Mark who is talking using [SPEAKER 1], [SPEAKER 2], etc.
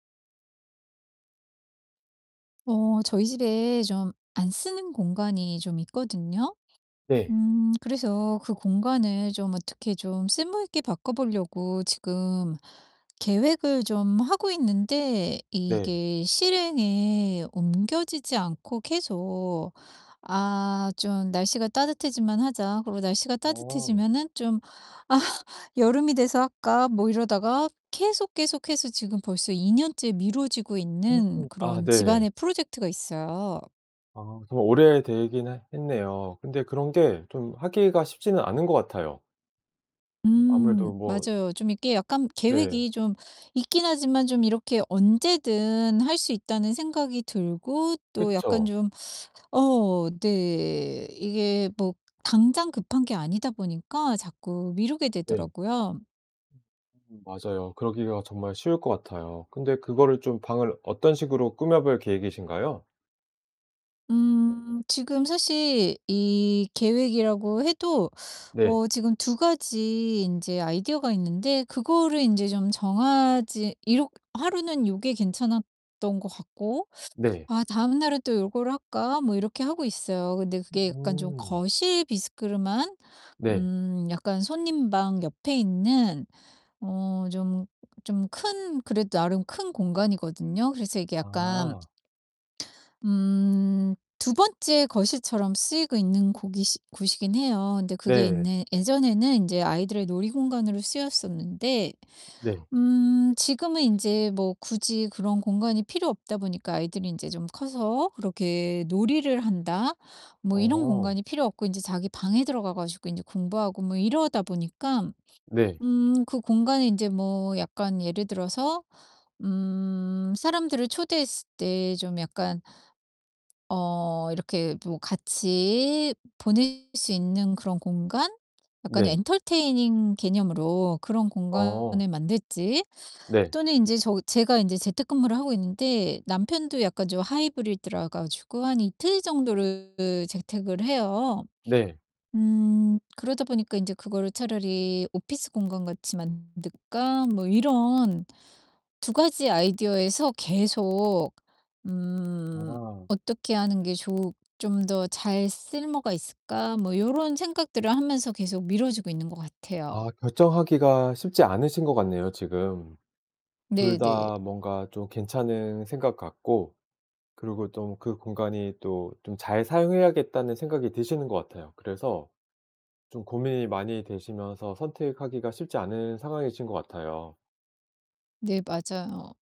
[SPEAKER 1] 어 저희 집에 좀 안 쓰는 공간이 좀 있거든요.
[SPEAKER 2] 네.
[SPEAKER 1] 음 그래서 그 공간을 좀 어떻게 좀 쓸모 있게 바꿔 보려고 지금 계획을 좀 하고 있는데
[SPEAKER 2] 네.
[SPEAKER 1] 이게 실행에 옮겨지지 않고 계속 '아 좀 날씨가 따뜻해지면 하자.' 그러고 날씨가
[SPEAKER 2] 어.
[SPEAKER 1] 따뜻해지면은 좀 '아 여름이 돼서 할까?' 뭐 이러다가 계속, 계속해서 지금 벌써 2 년째 미뤄지고
[SPEAKER 2] 어.
[SPEAKER 1] 있는
[SPEAKER 2] 아
[SPEAKER 1] 그런
[SPEAKER 2] 네.
[SPEAKER 1] 집안의 프로젝트가 있어요.
[SPEAKER 2] 아 좀 오래되긴 해 했네요. 근데 그런 게 좀 하기가 쉽지는 않은 것 같아요. 아무래도
[SPEAKER 1] 음
[SPEAKER 2] 뭐
[SPEAKER 1] 맞아요. 좀 이게 약간
[SPEAKER 2] 네.
[SPEAKER 1] 계획이 좀 있긴 하지만 좀 이렇게 언제든 할 수 있다는 생각이 들고 또 약간
[SPEAKER 2] 그쵸.
[SPEAKER 1] 좀 어 네 이게 뭐 당장 급한 게 아니다 보니까 자꾸 미루게
[SPEAKER 2] 네.
[SPEAKER 1] 되더라고요.
[SPEAKER 2] 음 맞아요. 그러기가 정말 쉬울 것 같아요. 근데 그거를 좀 방을 어떤 식으로 꾸며 볼 계획이신가요?
[SPEAKER 1] 음 지금 사실 이 계획이라고 해도
[SPEAKER 2] 네.
[SPEAKER 1] 어 지금 2 가지 인제 아이디어가 있는데 그거를 인제 좀 정하지 이렇 하루는 요게 괜찮았던 것 같고
[SPEAKER 2] 네.
[SPEAKER 1] 아 다음 날은 '또 요걸 할까?' 뭐 이렇게 하고 있어요. 근데 그게 약간 좀
[SPEAKER 2] 음.
[SPEAKER 1] 거실 비스름한
[SPEAKER 2] 네.
[SPEAKER 1] 음 약간 손님방 옆에 있는 어 좀 좀 큰 그래도 나름 큰 공간이거든요. 그래서 이게 약간
[SPEAKER 2] 아.
[SPEAKER 1] 음 2 번째 거실처럼 쓰이고 있는 고기시 곳이긴 해요. 근데 그게
[SPEAKER 2] 네.
[SPEAKER 1] 옛네 예전에는 인제 아이들의 놀이 공간으로 쓰였었는데
[SPEAKER 2] 네.
[SPEAKER 1] 음 지금은 인제 뭐 굳이 그런 공간이 필요 없다 보니까 아이들이 인제 좀 커서 그렇게 놀이를 한다 뭐 이런
[SPEAKER 2] 어.
[SPEAKER 1] 공간이 필요 없고 인제 자기 방에 들어가 가지고 인제 공부하고 뭐 이러다 보니깐
[SPEAKER 2] 네.
[SPEAKER 1] 음 그 공간이 인제 뭐 약간 예를 들어서 음 사람들을 초대했을 때 좀 약간 어 이렇게 뭐 같이 보낼 수 있는 그런 공간? 약간의
[SPEAKER 2] 네.
[SPEAKER 1] entertaining 개념으로 그런
[SPEAKER 2] 어.
[SPEAKER 1] 공간을 만들지
[SPEAKER 2] 네.
[SPEAKER 1] 또는 인제 저 제가 인제 재택근무를 하고 있는데 남편도 약간 좀 하이브리드라 가지고 한 이틀 정도를 그 재택을 해요.
[SPEAKER 2] 네.
[SPEAKER 1] 음 그러다 보니까 인제 그거를 '차라리 오피스 공간 같이 만들까?' 뭐 이런 2 가지 아이디어에서 계속 음
[SPEAKER 2] 아.
[SPEAKER 1] '어떻게 하는 게 좋으 좀 더 잘 쓸모가 있을까?' 뭐 요런 생각들을 하면서 계속 미뤄지고 있는 것 같아요.
[SPEAKER 2] 아 결정하기가 쉽지 않으신 것 같네요 지금. 둘
[SPEAKER 1] 네네.
[SPEAKER 2] 다 뭔가 좀 괜찮은 생각 같고 그러고 좀 그 공간이 또 좀 잘 사용해야겠다는 생각이 드시는 것 같아요. 그래서 좀 고민이 많이 되시면서 선택하기가 쉽지 않은 상황이신 것 같아요.
[SPEAKER 1] 네 맞아요.